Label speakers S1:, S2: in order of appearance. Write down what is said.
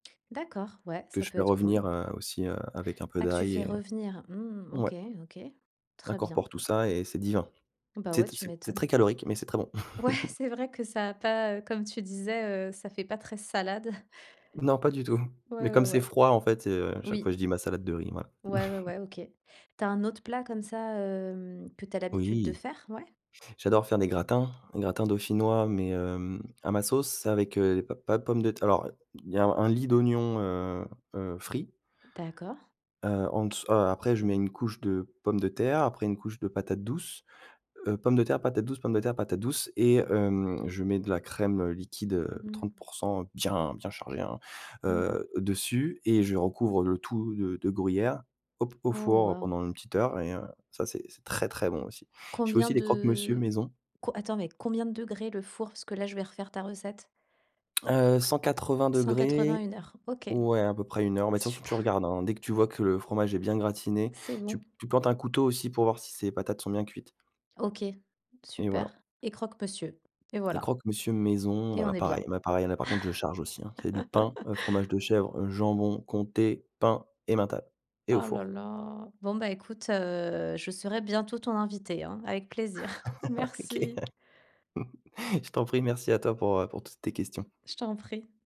S1: D'accord, ouais,
S2: Que
S1: ça
S2: je
S1: peut
S2: fais
S1: être cool.
S2: revenir, heu, aussi, heu, avec un peu
S1: Ah, que tu
S2: d'ail
S1: fais
S2: et heu,
S1: revenir? Mmh.
S2: ouais.
S1: OK, OK, très bien.
S2: Incorpore tout ça et c'est divin.
S1: Bah, ouais,
S2: C'est
S1: tu
S2: c'est c'est très
S1: m'étonnes.
S2: calorique mais c'est très bon.
S1: Ouais, c'est vrai que ça a pas, heu, comme tu disais, heu, ça fait pas très salade.
S2: Non, pas du tout
S1: Ouais,
S2: mais
S1: ouais,
S2: comme c'est
S1: ouais.
S2: froid, en fait, heu, chaque
S1: Oui.
S2: fois, je dis: «Ma salade de riz», voilà.
S1: Ouais, ouais ouais, OK. Tu as un autre plat comme ça, hem, que tu as l'habitude de
S2: Oui.
S1: faire? Ouais?
S2: J'adore faire des gratins gratins dauphinois mais hem, à ma sauce. C'est avec, heu, p pas de pommes de terr alors, heu, il y a un lit d'oignons, heu heu, frits.
S1: D'accord.
S2: Heu, en dess heu, après je mets une couche de pommes de terre, après une couche de patates douces, heu, pommes de terre, patates douces, pommes de terre, patates douces et hem, je mets de la crème, heu, liquide, heu,
S1: Mmh
S2: trente
S1: mh.
S2: pourcents bien, bien chargée, hein,
S1: Mmh mh.
S2: heu, dessus et je recouvre le tout de de gruyère, au p au
S1: Oh,
S2: four
S1: waouh!
S2: pendant 1 petite heure et heu, ça, c'est c'est très, très bon aussi. Je fais
S1: Combien
S2: aussi des croque-monsieur
S1: de
S2: maison.
S1: co attends mais combien de degrés, le four? Parce que là, je vais refaire ta recette.
S2: Heu, cent quatre-vingt
S1: 180,
S2: degrés,
S1: 1 heure. OK,
S2: ouais, à peu près 1 heure mais de toute façon, tu
S1: super.
S2: regardes, hein, dès que tu vois que le fromage est bien gratiné,
S1: C'est
S2: tu
S1: bon.
S2: tu plantes un couteau aussi pour voir si ses patates sont bien cuites.
S1: OK,
S2: Et
S1: super
S2: voilà.
S1: et croque monsieur et
S2: Les
S1: voilà
S2: croque-monsieur maison,
S1: et on
S2: voilà,
S1: est
S2: pareil,
S1: bien.
S2: ben, pareil, là, par contre je charge aussi, hein, c'est du pain, heu, fromage de chèvre, jambon, comté, pain, emmental et au
S1: Oh, là,
S2: four.
S1: là. Bon, bah, écoute, heu, je serai bientôt ton invitée, hein, avec plaisir.
S2: OK,
S1: Merci.
S2: je t'en prie. Merci à toi pour, heu, pour toutes tes questions.
S1: Je t'en prie.